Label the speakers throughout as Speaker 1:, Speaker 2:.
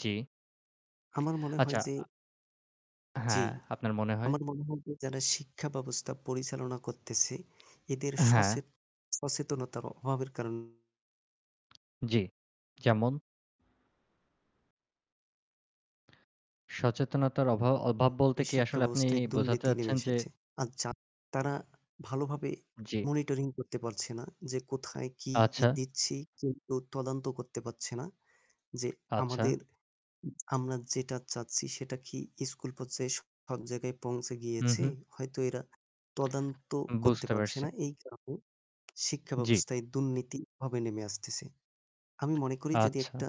Speaker 1: জি।
Speaker 2: আমার মনে
Speaker 1: আচ্ছা,
Speaker 2: হয় যে
Speaker 1: আ
Speaker 2: জি।
Speaker 1: হ্যাঁ, আপনার মনে হয়?
Speaker 2: আমার মনে হয় যে যারা শিক্ষা ব্যবস্থা পরিচালনা করতেছে এদের সচে
Speaker 1: হ্যাঁ।
Speaker 2: সচেতনতা অভাবের কারণ
Speaker 1: জি, যেমন? সচেতনতার অভাব অভাব বলতে কি
Speaker 2: শিক্ষা
Speaker 1: আসলে আপনি
Speaker 2: ব্যবস্থায়
Speaker 1: বোঝাতে
Speaker 2: দুর্নীতি নেমে
Speaker 1: চাচ্ছেন যে
Speaker 2: এসেছে। আর জা তারা ভালোভাবে
Speaker 1: জি।
Speaker 2: monitoring করতে পারছে না যে কোথায় কি
Speaker 1: আচ্ছা।
Speaker 2: দিচ্ছি। কেউ তদন্ত করতে পারছে না যে
Speaker 1: আচ্ছা।
Speaker 2: আমাদের উ আমরা যেটা চাচ্ছি সেটা কি school পর্যায়ে সব জায়গায় পৌঁছে
Speaker 1: হুম,
Speaker 2: গিয়েছে।
Speaker 1: হুম।
Speaker 2: হয়তো এরা তদন্ত করতে
Speaker 1: বুঝতে
Speaker 2: পারছে
Speaker 1: পারছি।
Speaker 2: না। এই কারণে শিক্ষা
Speaker 1: জি।
Speaker 2: ব্যবস্থায় দুর্নীতিভাবে নেমে আসতেছে। আমি মনে করি যদি
Speaker 1: আচ্ছা।
Speaker 2: একটা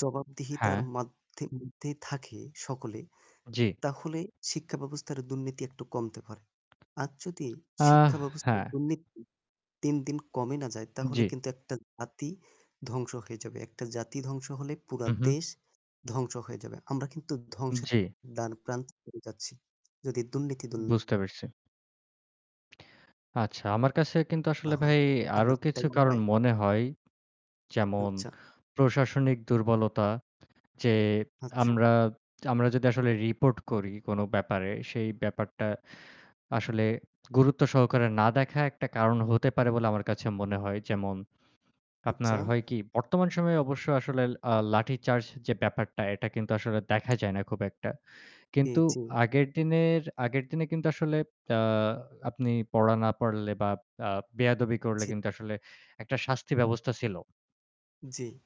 Speaker 2: জবাবদিহিতার
Speaker 1: হ্যাঁ।
Speaker 2: মাধে মধ্যে থাকে সকলে,
Speaker 1: জি।
Speaker 2: তাহলে শিক্ষা ব্যবস্থার দুর্নীতি একটু কমতে পারে। আর যদি
Speaker 1: আহ
Speaker 2: শিক্ষা ব্যবস্থার
Speaker 1: হ্যাঁ।
Speaker 2: দুর্নীতি দিন, দিন কমে না যায় তাহলে
Speaker 1: জি।
Speaker 2: কিন্তু একটা জাতি ধ্বংস হয়ে যাবে। একটা জাতি ধ্বংস হলে পুরা
Speaker 1: উ হুম।
Speaker 2: দেশ ধ্বংস হয়ে যাবে। আমরা কিন্তু ধ্বংসের
Speaker 1: জি।
Speaker 2: দার প্রান্ত চলে যাচ্ছি। যদি দুর্নীতি দূর
Speaker 1: বুঝতে পারছি। আচ্ছা, আমার কাছে কিন্তু
Speaker 2: না
Speaker 1: আসলে
Speaker 2: হয়,
Speaker 1: ভাই আরও
Speaker 2: আপনার কি তাই
Speaker 1: কিছু
Speaker 2: মনে
Speaker 1: কারণ
Speaker 2: হয়?
Speaker 1: মনে হয়। যেমন
Speaker 2: আচ্ছা।
Speaker 1: প্রশাসনিক দুর্বলতা যে
Speaker 2: আচ্ছা।
Speaker 1: আমরা আমরা যদি আসলে রিপোর্ট করি কোনো ব্যাপারে সেই ব্যাপারটা আসলে গুরুত্ব সহকারে না দেখা একটা কারণ হতে পারে বলে আমার কাছে মনে হয়। যেমন
Speaker 2: আচ্ছা।
Speaker 1: আপনার হয় কি বর্তমান সময়ে অবশ্য আসলে আ লাঠি চার্জ যে ব্যাপারটা এটা কিন্তু আসলে দেখা যায় না খুব একটা।
Speaker 2: জি,
Speaker 1: কিন্তু
Speaker 2: জি।
Speaker 1: আগের দিনের আগের দিনে কিন্তু আসলে আ আপনি পড়া না পড়লে বা আ বেয়াদবি করলে
Speaker 2: জি।
Speaker 1: কিন্তু আসলে একটা শাস্তি ব্যবস্থা ছিল।
Speaker 2: জি।